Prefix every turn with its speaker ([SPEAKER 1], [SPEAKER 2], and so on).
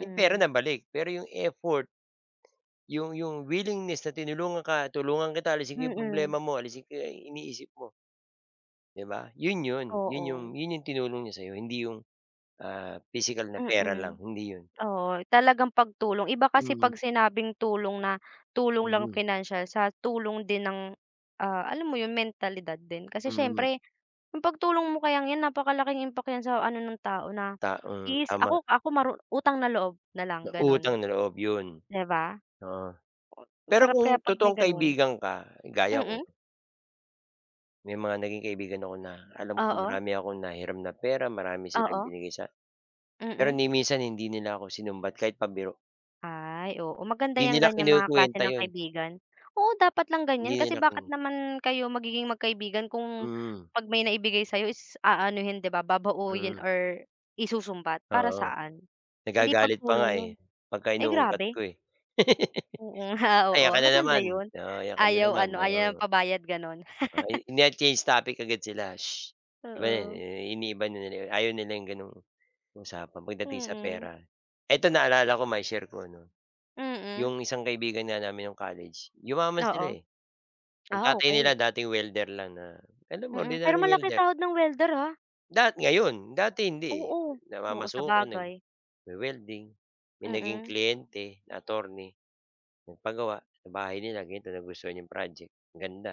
[SPEAKER 1] Yung pera nabalik. Pero yung effort, yung yung willingness na tinulungan ka, tulungan kita, alisin ko yung
[SPEAKER 2] Mm.
[SPEAKER 1] problema mo, alisin ko yang iniisip mo. 'Di ba yun 'yon? Yun yung
[SPEAKER 2] Oo.
[SPEAKER 1] yun yung tinulong niya sa 'yo. Hindi yung, ah, pisikal na pera lang.
[SPEAKER 2] Mm.
[SPEAKER 1] Hindi yun.
[SPEAKER 2] Oo, talagang pagtulong. Iba kasi
[SPEAKER 1] Hmm.
[SPEAKER 2] pag sinabing tulong na tulong lang
[SPEAKER 1] Mhm.
[SPEAKER 2] pinansiyal, sa tulong din ng, ah, alam mo yun mentalidad din. Kasi
[SPEAKER 1] Mhm.
[SPEAKER 2] syempre, yung pagtulong mo kayang yan, napakalaking impact yan sa ano ng tao. Na
[SPEAKER 1] Taong
[SPEAKER 2] is
[SPEAKER 1] tama.
[SPEAKER 2] ako, ako, maru utang na loob na lang
[SPEAKER 1] Na
[SPEAKER 2] ganon,
[SPEAKER 1] utang na loob yun,
[SPEAKER 2] di ba?
[SPEAKER 1] oo. Pero
[SPEAKER 2] Sarap
[SPEAKER 1] kung
[SPEAKER 2] kaya pag may
[SPEAKER 1] totoong
[SPEAKER 2] ganun.
[SPEAKER 1] kaibigan ka, gaya ko
[SPEAKER 2] Mm.
[SPEAKER 1] may mga naging kaibigan ako na alam ko
[SPEAKER 2] Oo.
[SPEAKER 1] marami akong nahiram na pera. Marami silang
[SPEAKER 2] Oo.
[SPEAKER 1] binigay sa pero
[SPEAKER 2] Mm.
[SPEAKER 1] ni minsan hindi nila ako sinumbat, kahit pabiro.
[SPEAKER 2] Ay, oo, maganda
[SPEAKER 1] Di
[SPEAKER 2] yang
[SPEAKER 1] nila
[SPEAKER 2] ganyan mga klase
[SPEAKER 1] kinekwenta
[SPEAKER 2] ng
[SPEAKER 1] yun.
[SPEAKER 2] kaibigan. Oo, dapat lang ganyan.
[SPEAKER 1] Hindi
[SPEAKER 2] Kasi
[SPEAKER 1] nak
[SPEAKER 2] bakit
[SPEAKER 1] hmm.
[SPEAKER 2] naman kayo magiging magkaibigan kung
[SPEAKER 1] Mhm.
[SPEAKER 2] pag may naibigay sayo is aanuhin, di ba, babauyin
[SPEAKER 1] Mhm.
[SPEAKER 2] or isusumbat? Para
[SPEAKER 1] Oo,
[SPEAKER 2] saan? Hindi
[SPEAKER 1] nagagalit pa nga,
[SPEAKER 2] pagtulong yun.
[SPEAKER 1] eh, pagka
[SPEAKER 2] Ay,
[SPEAKER 1] inuungkat
[SPEAKER 2] grabe.
[SPEAKER 1] ko, eh.
[SPEAKER 2] Oo. Oo,
[SPEAKER 1] "Ayan ka na
[SPEAKER 2] maganda
[SPEAKER 1] naman,
[SPEAKER 2] yun.
[SPEAKER 1] oh. Ayan ka na
[SPEAKER 2] Ayaw
[SPEAKER 1] naman."
[SPEAKER 2] ano, ayaw
[SPEAKER 1] Oo,
[SPEAKER 2] pabayad ganon.
[SPEAKER 1] oh, ini change topic agad sila. "Shh." 'Di ba yun,
[SPEAKER 2] Oo.
[SPEAKER 1] iniiba nila yun. Ayaw nila yung gano'ng usapan pagdating sa
[SPEAKER 2] Mm.
[SPEAKER 1] pera. Eto, naalala ko, mai-share ko, no.
[SPEAKER 2] Mm.
[SPEAKER 1] Yung isang kaibigan nga namin nung college, yumaman sila,
[SPEAKER 2] Oo.
[SPEAKER 1] eh. Ang
[SPEAKER 2] Ah,
[SPEAKER 1] tatay nila
[SPEAKER 2] okey.
[SPEAKER 1] dating welder lang na, alam mo,
[SPEAKER 2] Mm, pero
[SPEAKER 1] ordinary
[SPEAKER 2] malaki
[SPEAKER 1] welder.
[SPEAKER 2] sahod ng welder, ah.
[SPEAKER 1] Dat ngayon dati hindi, eh.
[SPEAKER 2] Oo, oo
[SPEAKER 1] Namamasukan,
[SPEAKER 2] sabagay.
[SPEAKER 1] nagwi-welding. May naging
[SPEAKER 2] Mm.
[SPEAKER 1] kliyente attorney, nagpagawa sa bahay nila ganto. Nagustuhan yung project. Ganda.